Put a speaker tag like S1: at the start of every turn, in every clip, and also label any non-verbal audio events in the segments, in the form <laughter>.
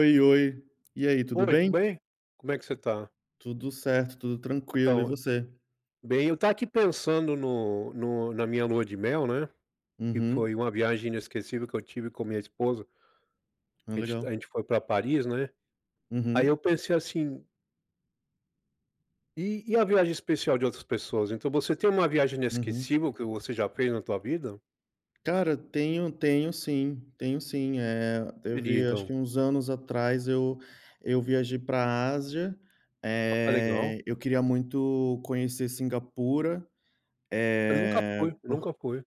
S1: Oi, oi. E aí, tudo
S2: Oi, tudo
S1: bem?
S2: bem? Como é que você tá?
S1: Tudo certo, tudo tranquilo e
S2: Então,
S1: você?
S2: bem, eu tava aqui pensando no no na minha lua de mel, né, que
S1: Uhum.
S2: foi uma viagem inesquecível que eu tive com a minha esposa.
S1: Ah,
S2: A gente a
S1: legal.
S2: gente foi pra Paris, né. Aí,
S1: Uhum.
S2: eu pensei, assim e e a viagem especial de outras pessoas? Então você tem uma viagem
S1: Uhum.
S2: inesquecível que você já fez na tua vida?
S1: Cara, tenho tenho sim. Tenho sim, eh,
S2: Seria
S1: teve acho
S2: então.
S1: que uns anos atrás. Eu eu viajei pra Ásia.
S2: Ah, legal.
S1: Eh, eu queria muito conhecer Singapura,
S2: Eu nunca
S1: eh,
S2: fui.
S1: por
S2: Nunca fui.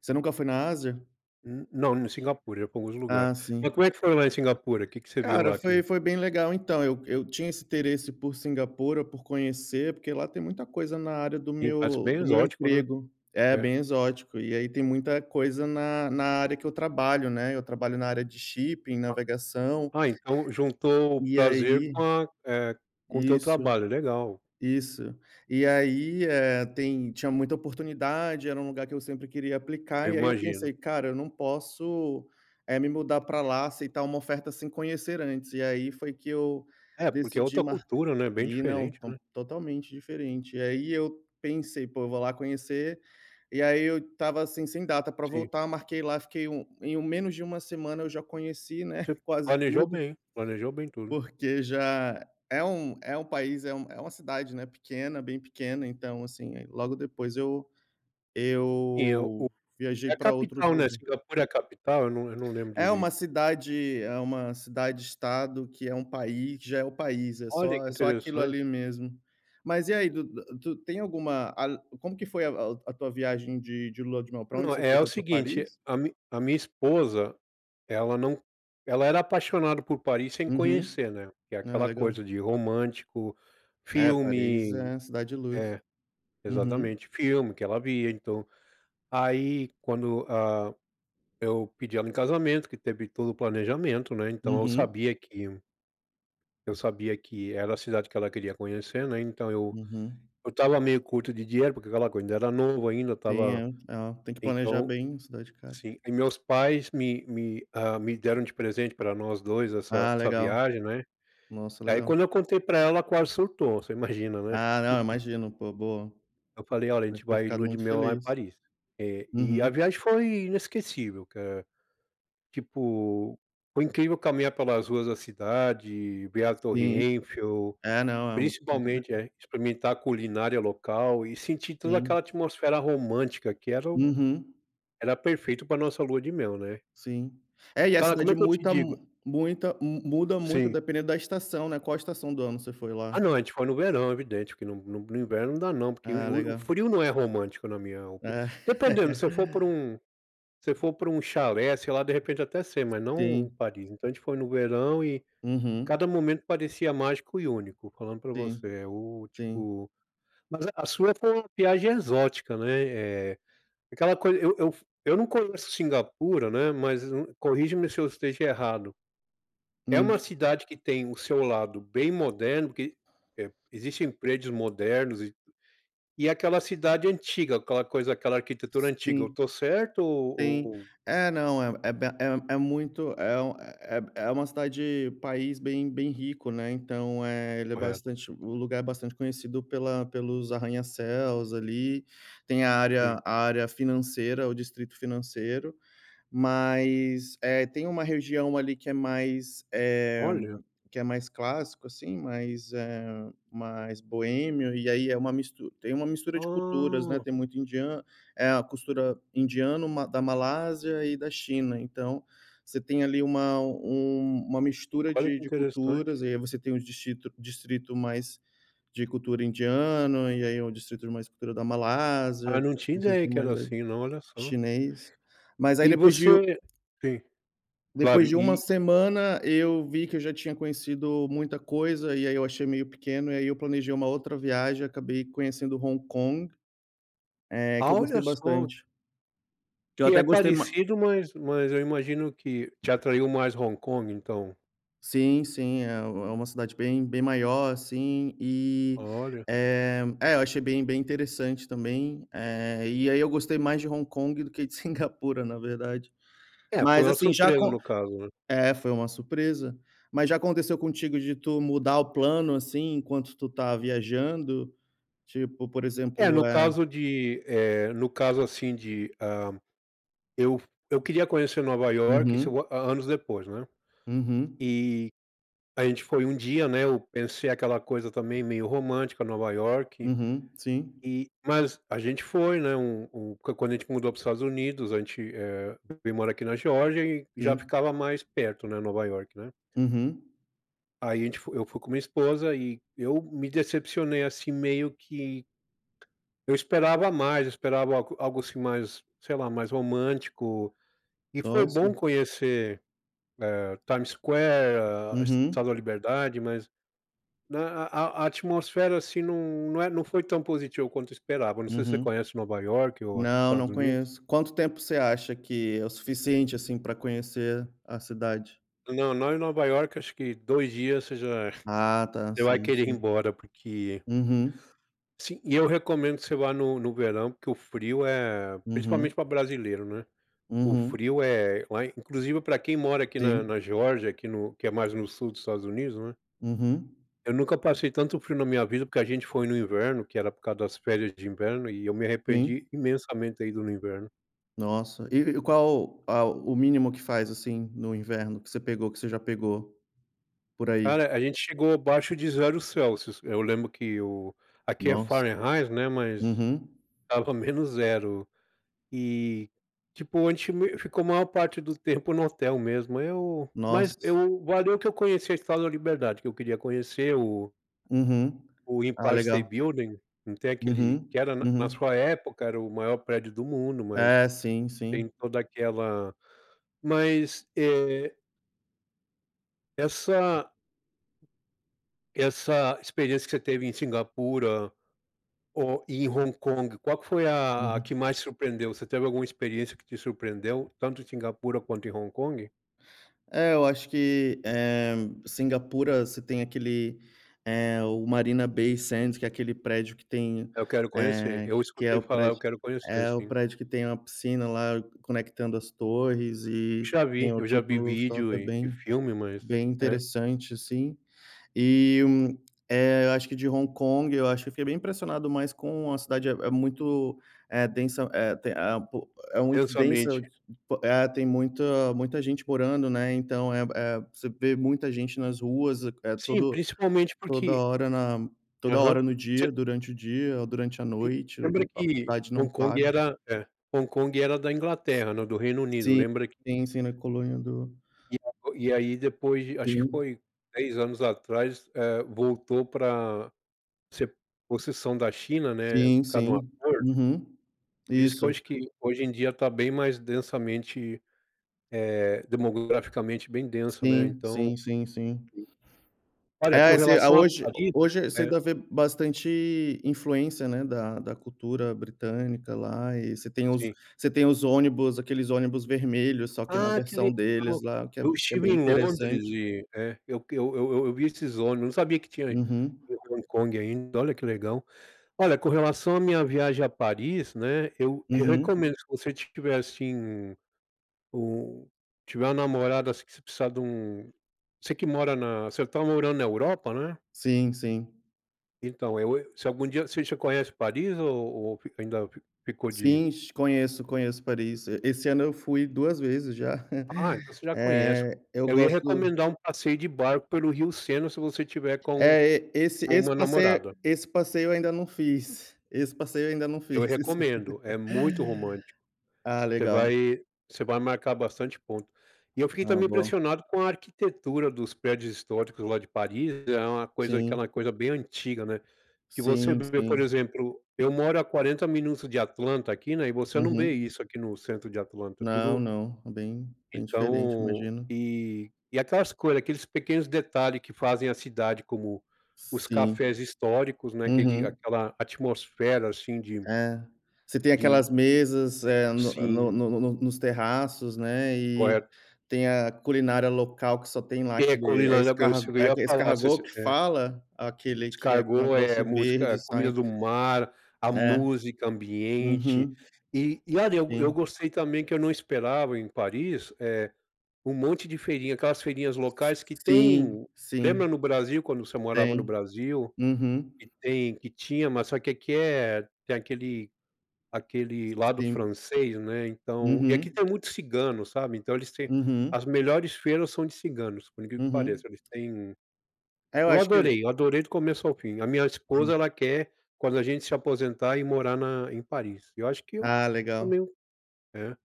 S1: Você nunca foi na Ásia?
S2: N não em Singapura, já fomos no lugar.
S1: Ah,
S2: Mas
S1: sim.
S2: como é que foi lá em Singapura? Que que você viu
S1: Cara,
S2: lá que
S1: foi foi bem legal. Então eu eu tinha esse interesse por Singapura, por conhecer, porque lá tem muita coisa na área do
S2: E parece
S1: meu
S2: bem
S1: do meu
S2: exótico, né?
S1: emprego. É,
S2: É.
S1: bem exótico. E aí, tem muita coisa na na área que eu trabalho, né. Eu trabalho na área de shipping,
S2: Ah.
S1: navegação.
S2: Ah, então juntou o
S1: E
S2: prazer
S1: aí
S2: com a eh, com o teu
S1: Isso.
S2: trabalho. Legal.
S1: Isso. E aí, eh, tem tinha muita oportunidade. Era um lugar que eu sempre queria aplicar.
S2: Eu
S1: E aí, eu
S2: imagino.
S1: pensei: "Cara, eu não posso, eh, me mudar pra lá, aceitar uma oferta sem conhecer antes". E aí, foi que eu
S2: É, porque é
S1: decidi
S2: outra
S1: mar
S2: cultura, né? Bem
S1: e não
S2: diferente,
S1: ton
S2: né?
S1: totalmente diferente. E aí, eu pensei: "Pô, eu vou lá conhecer". E aí, eu estava, assim, sem data para
S2: Sim.
S1: voltar. Marquei lá, fiquei 1 em menos de 1 semana, eu já conheci, né,
S2: Você
S1: quase
S2: planejou
S1: tudo.
S2: bem. Planejou bem tudo.
S1: Porque já é um é um país é um é uma cidade, né, pequena bem pequena, então, assim, aí, logo depois eu
S2: Sim, é o
S1: eu viajei
S2: é a
S1: pra outros
S2: capital, né?
S1: lugar.
S2: Singapura é a capital? Eu não eu não lembro
S1: É
S2: direito.
S1: uma cidade é uma cidade-estado, que é um país que já é o país. É
S2: Olha,
S1: só
S2: que
S1: é só aquilo
S2: interessante.
S1: ali mesmo. Mas, e aí, tu dá tu tem alguma al como que foi a a a tua viagem de de Lua de Mel? Pra onde
S2: Não,
S1: você foi?
S2: é o
S1: Foi pra
S2: seguinte:
S1: Paris?
S2: a mi a minha esposa, ela não ela era apaixonada por Paris sem
S1: Uhum.
S2: conhecer, né? Que é
S1: Ah,
S2: aquela coisa
S1: legal.
S2: de romântico,
S1: É, Paris
S2: filme
S1: é a Cidade Luz.
S2: é,
S1: Uhum.
S2: exatamente. Filme que ela via. Então aí, quando, ah, eu pedi ela em casamento, que teve todo o planejamento, né? Então eu
S1: Uhum.
S2: sabia que Eu sabia que era a cidade que ela queria conhecer, né, então eu,
S1: Uhum.
S2: eu estava meio curto de dinheiro, porque aquela coisa, ainda era novo, ainda
S1: Tem, é,
S2: estava
S1: é, tem que planejar
S2: então
S1: bem é, cidade cara.
S2: sim, e meus pais me me ah, me deram de presente para nós dois essa
S1: Ah,
S2: essa
S1: legal.
S2: viagem, né,
S1: Nossa
S2: aí,
S1: legal.
S2: quando eu contei para ela, quase surtou. Você imagina, né?
S1: Ah, não, eu
S2: <laughs>
S1: imagino, pô, boa.
S2: Eu falei, olha, a gente
S1: Deve ter
S2: vai
S1: ficado
S2: lua de
S1: muito
S2: mel lá em
S1: feliz.
S2: Paris, eh, e a
S1: Uhum.
S2: viagem foi inesquecível, cara. Tipo, foi incrível caminhar pelas ruas da cidade. Ver a Torre
S1: Sim.
S2: Eiffel,
S1: É, não é muito.
S2: principalmente,
S1: <unintelligible>
S2: eh, e experimentar a culinária local e sentir toda
S1: Sim.
S2: aquela atmosfera romântica, que era o
S1: Uhum.
S2: era perfeito para a nossa lua de mel, né?
S1: Sim, é, e a
S2: Cara, como é
S1: cidade
S2: que eu te
S1: muita
S2: digo?
S1: mu muita mu muda muito,
S2: Sim.
S1: dependendo da estação, né, qual estação do ano você foi
S2: Ah,
S1: lá?
S2: não, a gente foi no verão, evidente que no no no inverno não dá, não, porque
S1: Ah,
S2: o o
S1: legal.
S2: frio não é romântico, na minha opi
S1: É.
S2: dependendo se eu for para
S1: <laughs>
S2: um se for para um chalé, sei lá, de repente até ser, mas não em
S1: Sim.
S2: Paris. Então, a gente foi no verão, e
S1: Uhum.
S2: cada momento parecia mágico e único, falando para
S1: Sim,
S2: você é o
S1: sim.
S2: tipo, mas a sua foi uma viagem exótica, né, eh, aquela coisa, eu eu eu não conheço Cingapura, né, mas corrige-me se eu esteja errado. É uma
S1: Hum.
S2: cidade que tem o seu lado bem moderno, porque, eh, existem prédios modernos e e aquela cidade antiga, aquela coisa, aquela arquitetura antiga, eu
S1: Sim.
S2: estou certo ou
S1: Sim,
S2: ou?
S1: é, não é é bem, é é muito, é um é é é uma cidade país bem bem rico, né, então eh, ele é
S2: Correto.
S1: bastante. O lugar é bastante conhecido pela pelos arranha-céus, ali. Tem a área
S2: Sim.
S1: a área financeira, o distrito financeiro. Mas é, tem uma região ali que é mais eh
S2: Olha.
S1: que é mais clássico assim, mais eh, mais boêmio. E aí é uma mistu tem uma mistura de culturas, né?
S2: Ah.
S1: Tem muito indiano, é a cultura indiana, ma da Malásia e da China. Então você tem ali uma um uma mistura
S2: Olha
S1: de
S2: que
S1: de
S2: interessante.
S1: culturas. E aí você tem um distrito distrito mais de cultura indiana, e aí é um distrito mais cultura da Malásia,
S2: Ah, não tinha ideia
S1: distrito
S2: que era
S1: mais aí
S2: assim, não, olha só.
S1: chinês. Mas aí,
S2: E
S1: depois de
S2: você sim, claro,
S1: depois de uma
S2: e
S1: semana, eu vi que eu já tinha conhecido muita coisa e aí eu achei meio pequeno. E aí eu planejei uma outra viagem e acabei conhecendo Hong Kong. Eh que
S2: Ah,
S1: eu
S2: olha
S1: gostei
S2: só!
S1: bastante. Que eu
S2: Que é
S1: até gostei ma
S2: parecido, mas mas eu imagino que te atraiu mais Hong Kong, então?
S1: Sim, sim, é é uma cidade bem bem maior, assim. E,
S2: Olha.
S1: eh, é, eu achei bem bem interessante também, eh, e aí eu gostei mais de Hong Kong do que de Singapura, na verdade,
S2: É, foi
S1: mas,
S2: uma
S1: assim, já
S2: surpresa
S1: acon
S2: no caso, né?
S1: é, foi uma surpresa, mas já aconteceu contigo de tu mudar o plano, assim, enquanto tu tá viajando, tipo, por
S2: É, no
S1: exemplo, eh
S2: caso de, eh, no caso assim de, hã, eu fu eu queria conhecer Nova Iorque, se
S1: Uhum.
S2: anos depois, né.
S1: Uhum.
S2: E a gente foi um dia, né. Eu pensei aquela coisa também meio romântica, Nova Iorque.
S1: Uhum, sim.
S2: E mas a gente foi, né. Um um quando a gente mudou para os Estados Unidos, a gente, eh, veio mora aqui na Geórgia e já
S1: Sim.
S2: ficava mais perto, né, Nova Iorque, né?
S1: Uhum.
S2: Aí a gente foi eu fui com minha esposa e eu me decepcionei, assim, meio que eu esperava mais, eu esperava algo algo, assim, mais, sei lá, mais romântico, e foi
S1: Nossa.
S2: bom conhecer, eh, Times Square,
S1: Uhum.
S2: Estátua da Liberdade, mas né, a a a atmosfera, assim, não não é não foi tão positiva quanto eu esperava. Não sei se você
S1: Uhum.
S2: conhece Nova Iorque ou aqui
S1: Não,
S2: Estados
S1: não
S2: Unidos.
S1: conheço. Quanto tempo você acha que é o suficiente, assim, pra conhecer a cidade?
S2: Não. Não em Nova Iorque. Acho que 2 dias você já
S1: Ah, tá
S2: já vai
S1: sim,
S2: querer ir
S1: sim.
S2: embora, porque
S1: Uhum.
S2: Sim. E eu recomendo que você vá no no verão, porque o frio é principalmente
S1: Uhum.
S2: para brasileiro, não é? O
S1: Uhum.
S2: frio é lá inclusive pra quem mora aqui na
S1: Sim.
S2: na Geórgia, aqui no que é mais no sul dos Estados Unidos, né.
S1: Uhum.
S2: Eu nunca passei tanto frio na minha vida, porque a gente foi no inverno, que era por causa das férias de inverno, e eu me arrependi
S1: Sim.
S2: imensamente ter ido no inverno.
S1: Nossa! E e qual ao o mínimo que faz, assim, no inverno que você pegou? Que você já pegou por aí?
S2: Cara, a gente chegou abaixo de 0 C Eu lembro que o aqui é
S1: Nossa.
S2: Fahrenheit, né. Mas
S1: Uhum.
S2: estava -0 C e tipo, an te me ficou maior parte do tempo no hotel mesmo. Eu mas
S1: Nossa!
S2: eu valeu que eu conheci a Estátua da Liberdade que eu queria conhecer o
S1: Uhum.
S2: o
S1: Ah,
S2: Empire State
S1: legal.
S2: Building. Não tem aquele
S1: Uhum.
S2: que era na na
S1: Uhum.
S2: sua época, era o maior prédio do mundo, mas
S1: É. Sim,
S2: tem
S1: sim.
S2: toda aquela mas é Essa essa experiência que você teve em Singapura ou em Hong Kong, qual que foi a a
S1: Uhum.
S2: que mais surpreendeu? Você teve alguma experiência que te surpreendeu, tanto em Singapura quanto em Hong Kong?
S1: É, eu acho que, eh, Singapura, você tem aquele, eh, o Marina Bay Sands, que é aquele prédio que tem,
S2: Eu quero conhecer.
S1: eh
S2: Eu
S1: que é
S2: escutei
S1: o
S2: falar. Eu
S1: prédio
S2: quero conhecer,
S1: eh, o
S2: sim.
S1: prédio que tem uma piscina, lá, conectando as torres
S2: Eu
S1: e
S2: já
S1: tem
S2: vi.
S1: o,
S2: Eu já
S1: tipo,
S2: vi
S1: rooftop.
S2: vídeo
S1: É
S2: e e
S1: bem
S2: filme, mas
S1: bem
S2: é.
S1: interessante, assim. E, hum, eh, eu acho que de Hong Kong, eu acho que eu fiquei bem impressionado mais com a cidade. É é muito é densa eh, tem a, eh, po é muito densa
S2: Densamente.
S1: é, tem muita muita gente morando, né? Então, eh eh, você vê muita gente nas ruas. É
S2: Sim,
S1: todo
S2: principalmente
S1: toda
S2: porque
S1: hora na toda
S2: aham.
S1: hora no dia,
S2: Você
S1: durante o dia ou durante a
S2: E
S1: noite.
S2: lembra
S1: A
S2: que
S1: cidade não
S2: Hong Kong
S1: para.
S2: era É, Hong Kong era da Inglaterra não, do Reino Unido.
S1: Sim.
S2: Lembra que
S1: Sim, sim. Na Colônia do
S2: <unintelligible> e aí, depois de acho que
S1: Sim.
S2: foi 10 anos atrás, eh, voltou pra ser possessão da China, né, por
S1: Sim,
S2: causa de um
S1: sim.
S2: acordo.
S1: Uhum.
S2: Por isso que eu
S1: Isso.
S2: acho que, hoje em dia, tá bem mais densamente eh, demograficamente, bem denso, né?
S1: Sim,
S2: Então
S1: sim, sim, sim.
S2: Olha,
S1: É
S2: com
S1: esse a
S2: relação à
S1: hoje
S2: Paris,
S1: hoje você
S2: é
S1: ainda ver bastante influência, né, da da cultura britânica lá. E você tem os
S2: Sim.
S1: você tem os ônibus, aqueles ônibus vermelhos, só que na
S2: Ah, que legal.
S1: versão deles lá, que é
S2: Eu
S1: é
S2: estive
S1: bem
S2: em Londres
S1: interessante.
S2: e, eh, eu eu eu eu eu vi esses ônibus, não sabia que tinha
S1: Uhum.
S2: em Hong Kong ainda. Olha, que legal. Olha, com relação à minha viagem a Paris, né. Eu eu
S1: Uhum.
S2: recomendo se você tiver, assim, um tiver uma namorada, assim, que você precisar dum você que mora na você tá morando na Europa, né?
S1: Sim, sim.
S2: Então, eu eu se algum dia você já conhece Paris, ou ou ainda fic ficou de ir?
S1: Sim, shi Conheço, conheço Paris, e esse ano eu fui 2 vezes já,
S2: Ah, então
S1: <chuckles>
S2: você já conhece.
S1: eh, eu
S2: Eu ia
S1: gosto
S2: recomendar um passeio de barco pelo Rio Sena, se você tiver com
S1: É, e esse
S2: com
S1: esse
S2: uma
S1: passeio
S2: namorada.
S1: esse passeio eu ainda não fiz, esse passeio ainda não
S2: Eu
S1: fiz. <laughs> Isso!
S2: recomendo, é muito romântico,
S1: Ah,
S2: você
S1: legal.
S2: vai você vai marcar bastante ponto. E eu fiquei
S1: Ah,
S2: também
S1: boa.
S2: impressionado com a arquitetura dos prédios históricos lá de Paris, é uma coisa aquela
S1: Sim.
S2: coisa bem antiga, né? Que você
S1: Sim,
S2: vê, por
S1: sim.
S2: exemplo, eu moro a 40 minutos de Atlanta aqui, né, e você não vê
S1: Uhum.
S2: isso aqui no centro de Atlanta,
S1: Não,
S2: tudo
S1: não. É bem bem diferente,
S2: Então,
S1: imagino.
S2: e e aquelas coisas, aqueles pequenos detalhe que fazem a cidade, como os
S1: Sim.
S2: cafés históricos, né, aquele
S1: Uhum.
S2: aquela atmosfera assim de
S1: É? Você tem
S2: de
S1: aquelas mesas, eh, no
S2: Sim.
S1: no no no no nos terraços, né, e
S2: Correto.
S1: tem a culinária local, que só tem lá,
S2: É,
S1: aquele
S2: comi
S1: é
S2: lá na Bélgica
S1: escarg
S2: também,
S1: é
S2: eu ia falar, se
S1: escargot
S2: se,
S1: que
S2: é
S1: fala? Aquele que é um
S2: Escargot, eh,
S1: negócio
S2: a
S1: verde
S2: música,
S1: sai.
S2: comida do mar, a
S1: É.
S2: música ambiente
S1: Uhum.
S2: e e olha, eu go eu
S1: Sim.
S2: gostei também que eu não esperava em Paris, eh, um monte de feirinhas, aquelas feirinhas
S1: S
S2: locais que
S1: sim,
S2: tem, lembra
S1: sim.
S2: no Brasil, quando você morava no
S1: Têm.
S2: Brasil,
S1: Uhum.
S2: que tem que tinha, mas só que aqui é tem aquele aquele lado
S1: Sim.
S2: francês, né. Então e aqui
S1: Uhum.
S2: tem muitos cigano, sabe, então eles têm
S1: Uhum.
S2: as melhores feiras são de ciganos, por incrivel que que
S1: Uhum.
S2: pareça, eles têm
S1: É, eu
S2: Eu
S1: acho que
S2: adorei, eu adorei do começo ao fim, a minha esposa,
S1: Sim.
S2: ela quer, quando a gente se aposentar, ir morar na em Paris, e eu acho que eu
S1: Ah, legal.
S2: também. É,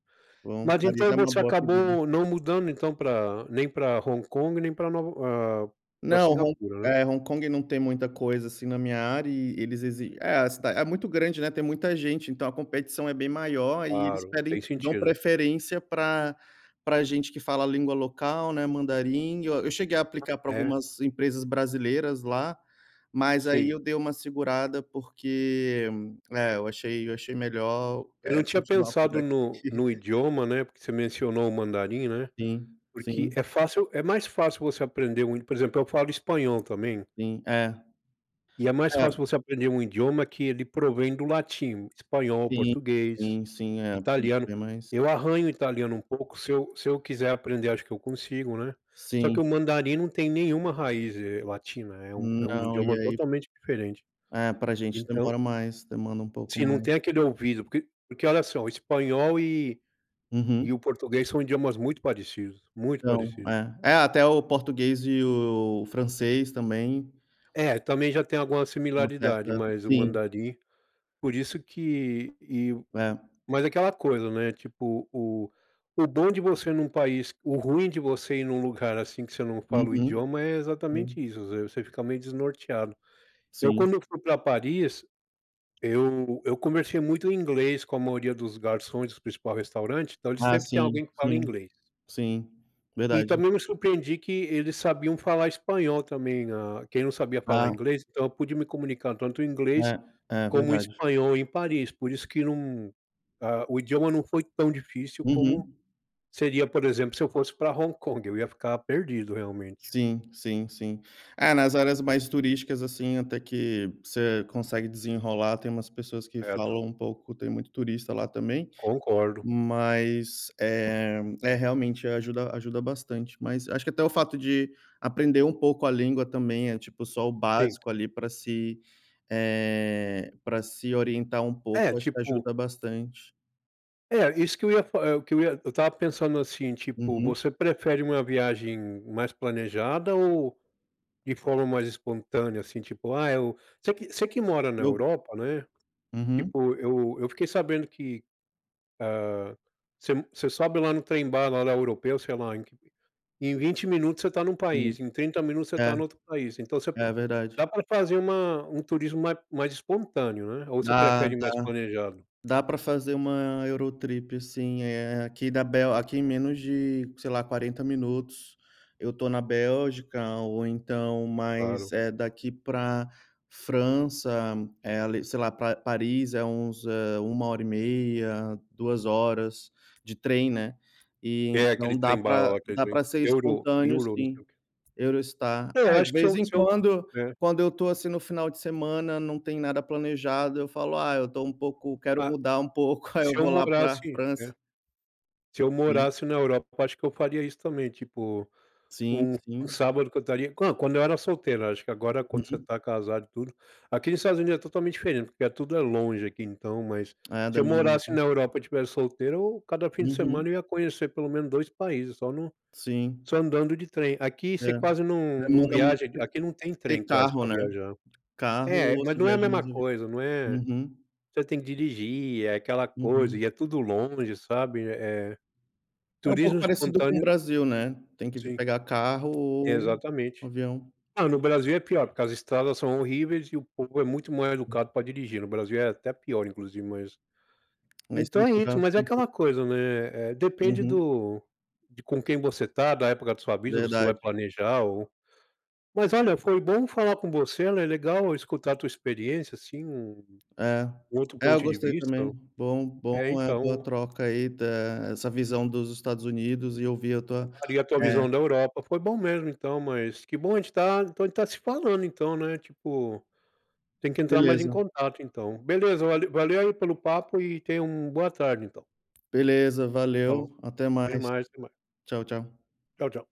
S1: Bom.
S2: mas
S1: Paris
S2: então
S1: é uma
S2: você
S1: boa pedida.
S2: acabou não mudando, então pra nem pra Hong Kong, nem para Nova eh, para
S1: Não, Hon
S2: Singapura, né?
S1: é, Hong Kong não tem muita coisa, assim, na minha área e eles exi É, a cida é muito grande, né, tem muita gente, então a competição é bem maior e eles
S2: Claro, tem
S1: pedem dão
S2: sentido.
S1: preferência pra pra gente que fala a língua local, né, mandarim, eu eu cheguei a aplicar pra
S2: É?
S1: algumas empresas brasileiras lá, mas aí
S2: Sim.
S1: eu dei uma segurada, porque, eh, eu achei, eu achei melhor,
S2: Eu
S1: eh,
S2: não tinha
S1: continuar por
S2: pensado no
S1: aqui.
S2: no idioma, né, porque você mencionou o mandarim, né,
S1: Sim,
S2: porque
S1: sim.
S2: é fácil é mais fácil você aprender um, por exemplo, eu falo espanhol também.
S1: Sim, é.
S2: E é mais
S1: É.
S2: fácil você aprender um idioma que ele provém do latim, o espanhol, o
S1: Sim,
S2: português,
S1: sim, sim. É, <unintelligible>
S2: italiano.
S1: é mais
S2: Eu arranho italiano um pouco, se eu se eu quiser aprender, acho que eu consigo, né, só que
S1: Sim.
S2: o mandarim não tem nenhuma raiz, eh, latina, é um é um
S1: Não, e
S2: idioma
S1: aí
S2: totalmente diferente.
S1: É, pra gente
S2: Então
S1: demora mais, demanda um pouco
S2: Sim, não
S1: mais.
S2: tem aquele ouvido, porque porque olha só, o espanhol e
S1: Uhum.
S2: e o português são idiomas muito parecidos, muito
S1: Então,
S2: parecidos.
S1: é. É até o português e o francês, também.
S2: É, também já tem alguma
S1: Uma
S2: similaridade,
S1: certa,
S2: mas o
S1: sim.
S2: mandarim, por isso que e u u
S1: É.
S2: mas aquela coisa, né, tipo, o o bom de você num país o ruim de você ir num lugar assim que você não fala o
S1: Uhum,
S2: idioma é exatamente
S1: sim.
S2: isso, você fica meio desnorteado. Eu
S1: Sim.
S2: quando eu fui pra Paris, eu eu conversei muito em inglês com a maioria dos garçons do principal restaurante. Então eles
S1: Ah,
S2: sempre têm
S1: sim,
S2: alguém que fala
S1: sim,
S2: inglês.
S1: sim,
S2: E
S1: verdade.
S2: também me surpreendi que eles sabiam falar espanhol também, né, ah, quem não sabia falar
S1: Ah.
S2: inglês. Então, eu pude me comunicar tanto o inglês
S1: É, é
S2: como o
S1: verdade.
S2: espanhol em Paris, por isso que não ah, o idioma não foi tão difícil como
S1: Uhum.
S2: seria, por exemplo, se eu fosse para Hong Kong, eu ia ficar perdido realmente.
S1: Sim, sim, sim. É, nas áreas mais turísticas, assim, até que você consegue desenrolar, tem umas pessoas que
S2: Certo.
S1: falam um pouco, tem muito turista lá também,
S2: Concordo.
S1: mas, eh, é, realmente ajuda ajuda bastante, mas acho que até fato de aprender um pouco a língua também, é tipo, só o
S2: Sim.
S1: básico ali, para se eh, pra se orientar um
S2: É,
S1: pouco, acho que
S2: tipo
S1: ajuda bastante.
S2: É, isso que eu ia fa eh, o que eu ia eu estava pensando assim, tipo,
S1: Uhum.
S2: você prefere uma viagem mais planejada ou de forma mais espontânea? Assim, tipo: "Ah, eu", você que você que mora na
S1: Eu
S2: Europa, né.
S1: Uhum.
S2: Tipo eu eu fiquei sabendo que, hã, você m você sobe lá no trem bala lá europeu, sei lá, em q em 20 minutos você está num
S1: Sim.
S2: país, em 30 minutos você
S1: É.
S2: está em outro país. Então você p
S1: É verdade.
S2: dá pra fazer uma um turismo mais mais espontâneo, né. Ou você
S1: Dá,
S2: prefere
S1: dá.
S2: mais planejado?
S1: Dá pra fazer uma Eurotrip sim, eh, aqui da Bel aqui em menos de, sei lá, 40 minutos eu estou na Bélgica, ou então mais,
S2: Claro.
S1: eh, daqui para França é ali sei, lá Pa Paris é uns, hã, 1,5 hora, 2 horas de trem, né. E
S2: É, aquele
S1: então dá
S2: trem bala
S1: para
S2: lá, aquele
S1: dá
S2: trem
S1: para ser
S2: euro
S1: espontâneo,
S2: euro, não
S1: sim.
S2: sei o quê.
S1: Eurostar.
S2: É, eu
S1: É de
S2: acho que se
S1: vez
S2: eu
S1: em
S2: se eu
S1: quando,
S2: é.
S1: quando eu estou, assim, no final de semana, não tem nada planejado, eu falo: "Ah, eu estou um pouco", quero
S2: Ah,
S1: mudar um pouco, <laughs> aí eu
S2: se eu
S1: vou lá para a
S2: morasse
S1: França.
S2: é. Seu
S1: Sim.
S2: morasse na Europa, eu acho que eu faria isso também, tipo,
S1: Sim,
S2: um
S1: sim.
S2: sábado que eu estaria hã, quando eu era solteiro, acho que agora quando você
S1: Uhum.
S2: está casado e tudo. Aqui nos Estados Unidos é totalmente diferente, porque é tudo é longe aqui, então, mas
S1: Eh,
S2: se eu morasse
S1: <unintelligible>
S2: na Europa e tivesse solteiro, eu cada fim de
S1: Uhum.
S2: semana eu ia conhecer pelo menos 2 países, só num
S1: Sim.
S2: só andando de trem. Aqui
S1: É.
S2: você quase não não
S1: Demanda muito
S2: viaja, aqui
S1: te
S2: aqui não tem
S1: ter
S2: trem quase
S1: carro,
S2: para
S1: né?
S2: viajar
S1: Carro
S2: É,
S1: ou
S2: mas
S1: se
S2: não é a
S1: viaja
S2: mesma
S1: <unintelligible>
S2: coisa, não é
S1: Uhum.
S2: você tem que dirigir, é aquela coisa,
S1: Uhum.
S2: e é tudo longe, sabe, eh
S1: É um pouco
S2: turismo
S1: parecido com o
S2: espontâneo
S1: Brasil, né. Tem que v
S2: Sim.
S1: pegar carro ou
S2: Exatamente.
S1: avião.
S2: Ah, no Brasil é pior, porque as estradas são horríveis e o povo é muito mal-educado para dirigir. No Brasil é até pior, inclusive, mas
S1: A
S2: então é isso,
S1: estrutura, acho
S2: mas é
S1: que um pouco
S2: aquela coisa, né, eh, depende
S1: Uhum.
S2: do de com quem você está, da época da sua vida. Você vai
S1: Verdade.
S2: planejar, ou mas olha, foi bom falar com você, né, é legal escutar a tua experiência, assim, um
S1: É.
S2: um outro
S1: É, eu
S2: ponto de
S1: gostei
S2: vista,
S1: também.
S2: o
S1: Bom bom
S2: É,
S1: eh, boa
S2: então
S1: troca aí da essa visão dos Estados Unidos, e ouvir a tua
S2: Claro, e a tua
S1: é.
S2: visão da Europa. Foi bom mesmo, então mas que bom a gente tá então a gente tá se falando, então, né. Tipo, tem que entrar mais em
S1: Beleza.
S2: contato, então. Beleza, vale valeu aí pelo papo, e tenha um boa tarde, então.
S1: Beleza.
S2: Falou.
S1: Valeu, até
S2: Até
S1: mais.
S2: mais, até mais.
S1: Tchau, tchau.
S2: Tchau, tchau.